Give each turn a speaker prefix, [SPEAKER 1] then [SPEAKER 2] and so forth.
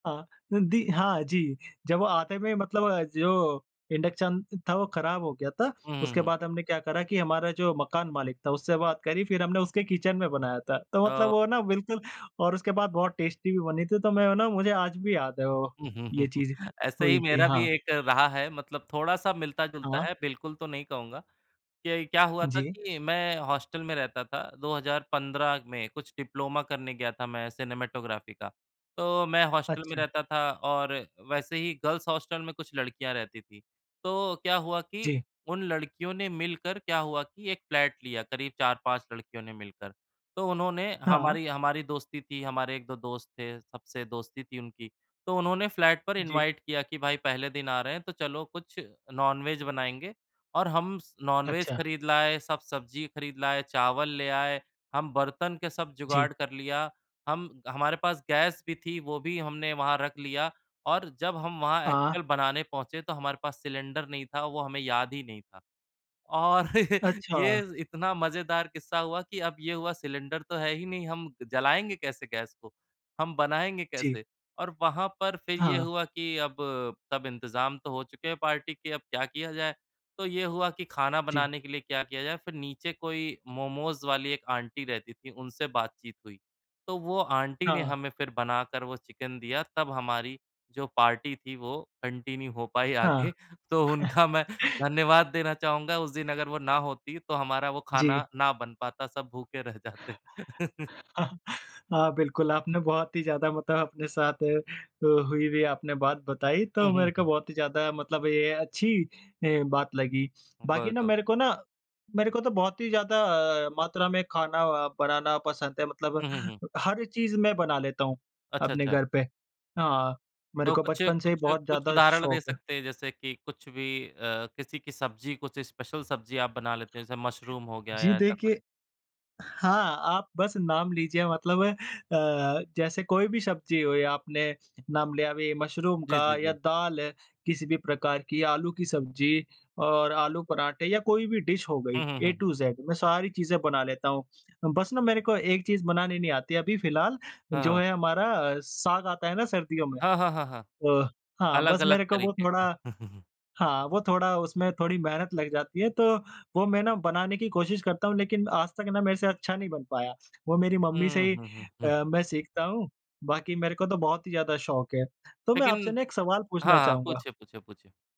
[SPEAKER 1] हाँ अ, दि हाँ जी। जब वो आते हुए मतलब अ, जो इंडक्शन था वो ख़राब हो गया था।
[SPEAKER 2] उ,
[SPEAKER 1] उसके
[SPEAKER 2] हुँ।
[SPEAKER 1] बाद हमने क्या करा कि हमारा जो मकान मालिक था उससे बात करी। फ़िर हमने उसके किचन में बनाया था। तो मतलब
[SPEAKER 2] ओ
[SPEAKER 1] वो ना बिल्कुल और उसके बाद बहुत टेस्टी भी बनी थी। तो मैं है ना मुझे आज भी याद है वो ये चीज़
[SPEAKER 2] ऐसे ही
[SPEAKER 1] हुई थी।
[SPEAKER 2] मेरा भी
[SPEAKER 1] हाँ।
[SPEAKER 2] एक रहा है। मतलब थोड़ा-सा मिलता-जुलता
[SPEAKER 1] हाँ।
[SPEAKER 2] है बिल्कुल तो नहीं कहूँगा। ये क्या हुआ था
[SPEAKER 1] जी।
[SPEAKER 2] कि मैं हॉस्टल में रहता था। 2015 में कुछ डिप्लोमा करने गया था मैं सिनेमैटोग्राफी का। तो मैं हॉस्टल में
[SPEAKER 1] अच्छा।
[SPEAKER 2] रहता था और वैसे ही गर्ल्स हॉस्टल में कुछ लड़कियाँ रहती थीं। तो क्या हुआ कि
[SPEAKER 1] जी।
[SPEAKER 2] उन लड़कियों ने मिलकर क्या हुआ कि एक फ़्लैट लिया करीब 4-5 लड़कियों ने मिलकर। तो उन्होंने
[SPEAKER 1] हाँ।
[SPEAKER 2] हमारी हमारी दोस्ती थी हमारे 1-2 दोस्त थे, सबसे दोस्ती थी उनकी। तो उन्होंने फ़्लैट पर
[SPEAKER 1] जी।
[SPEAKER 2] इनवाइट किया कि भाई पहले दिन आ रहे हैं तो चलो कुछ नॉनवेज बनाएँगे। और हम स नॉनवेज
[SPEAKER 1] अच्छा।
[SPEAKER 2] खरीद लाए, सब सब्ज़ी खरीद लाए, चावल ले आए। हम बर्तन के सब
[SPEAKER 1] जी।
[SPEAKER 2] जुगाड़ कर लिया। हम हमारे पास गैस भी थी, वो भी हमने वहाँ रख लिया और जब हम वहाँ
[SPEAKER 1] हाँ।
[SPEAKER 2] एक्चुअल बनाने पहुँचे तो हमारे पास सिलेंडर नहीं था वो हमें याद ही नहीं था। और ये
[SPEAKER 1] अच्छा।
[SPEAKER 2] इतना मज़ेदार किस्सा हुआ कि अब ये हुआ सिलेंडर तो है ही नहीं हम जलाएँगे कैसे गैस को? हम बनाएँगे
[SPEAKER 1] जी।
[SPEAKER 2] कैसे? और वहाँ पर फ़िर ये
[SPEAKER 1] हाँ।
[SPEAKER 2] हुआ कि अब सब इंतज़ाम तो हो चुके हैं पार्टी के अब क्या किया जाए? तो ये हुआ कि खाना
[SPEAKER 1] जी।
[SPEAKER 2] बनाने के लिए क्या किया जाए? फ़िर नीचे कोई मोमोज़ वाली एक आंटी रहती थी, उनसे बातचीत हुई। तो वो आंटी ने
[SPEAKER 1] हाँ।
[SPEAKER 2] हमें फ़िर बनाकर वो चिकन दिया तब हमारी जो पार्टी थी वो कंटीन्यू हो पाई आगे
[SPEAKER 1] हाँ।
[SPEAKER 2] तो उनका मैं धन्यवाद देना चाहूँगा। उस दिन अगर वो ना होती तो हमारा वो
[SPEAKER 1] जी।
[SPEAKER 2] खाना ना बन पाता सब भूखे रह जाते।
[SPEAKER 1] हाँ, बिल्कुल आपने बहुत ही ज़्यादा मतलब अपने साथ अ, हुई-हुई आपने बात बताई। तो
[SPEAKER 2] हुँ,
[SPEAKER 1] मेरे
[SPEAKER 2] हुँ,
[SPEAKER 1] को
[SPEAKER 2] हुँ।
[SPEAKER 1] बहुत ही ज़्यादा मतलब ये अच्छी अ, बात लगी।
[SPEAKER 2] उ,
[SPEAKER 1] बाकी ना
[SPEAKER 2] बिल्कुल।
[SPEAKER 1] मेरे को ना मेरे को तो बहुत ही ज़्यादा अ, मात्रा में खाना बनाना पसंद है। मतलब
[SPEAKER 2] हुँ, हुँ, हुँ।
[SPEAKER 1] हर चीज़ मैं बना लेता हूँ
[SPEAKER 2] अच्छा,
[SPEAKER 1] अपने
[SPEAKER 2] अच्छा।
[SPEAKER 1] घर पे। हाँ, मेरे
[SPEAKER 2] तो
[SPEAKER 1] को
[SPEAKER 2] कुछ
[SPEAKER 1] बचपन से ही
[SPEAKER 2] कुछ
[SPEAKER 1] बहुत
[SPEAKER 2] कुछ
[SPEAKER 1] ज़्यादा
[SPEAKER 2] उदाहरण दे
[SPEAKER 1] शौक है।
[SPEAKER 2] सकते हैं जैसे कि कुछ भी अ, किसी की सब्ज़ी, कुछ स्पेशल सब्ज़ी आप बना लेते हैं? जैसे मशरूम हो गया
[SPEAKER 1] जी
[SPEAKER 2] या ऐसा कुछ?
[SPEAKER 1] देखिए हाँ, आप बस नाम लीजिए मतलब अ, जैसे कोई भी सब्ज़ी हो या आपने नाम लिया अभी मशरूम का
[SPEAKER 2] जी, जी, जी।
[SPEAKER 1] या दाल है किसी भी प्रकार की आलू की सब्ज़ी और आलू परांठे या कोई भी डिश हो गई
[SPEAKER 2] हुँ, हुँ,
[SPEAKER 1] ए
[SPEAKER 2] हुँ, हुँ।
[SPEAKER 1] टू ज़ेड मैं सारी चीज़ें बना लेता हूँ। बस ना मेरे को एक चीज़ बनानी नहीं आती अभी फ़िलहाल
[SPEAKER 2] हाँ,
[SPEAKER 1] जो
[SPEAKER 2] हाँ।
[SPEAKER 1] है हमारा अ, साग आता है ना सर्दियों में।
[SPEAKER 2] हाँ, हाँ, हाँ, हाँ।
[SPEAKER 1] अ, हाँ बस
[SPEAKER 2] अलग-अलग
[SPEAKER 1] मेरे को वो
[SPEAKER 2] तरीके का।
[SPEAKER 1] थोड़ा हाँ, वो थोड़ा उसमें थोड़ी मेहनत लग जाती है तो वो मैं ना बनाने की कोशिश करता हूँ लेकिन आज तक ना मेरे से अच्छा नहीं बन पाया। वो मेरी मम्मी से
[SPEAKER 2] हुँ।
[SPEAKER 1] ही
[SPEAKER 2] हुँ, हुँ, हुँ।
[SPEAKER 1] अ, मैं सीखता हूँ बाकी मेरे को तो बहुत ही ज़्यादा शौक है। तो मैं आपसे
[SPEAKER 2] लेकिन
[SPEAKER 1] ना एक सवाल पूछना
[SPEAKER 2] हाँ, हाँ।
[SPEAKER 1] चाहूँगा?
[SPEAKER 2] पूछिए, पूछिए, पूछिए।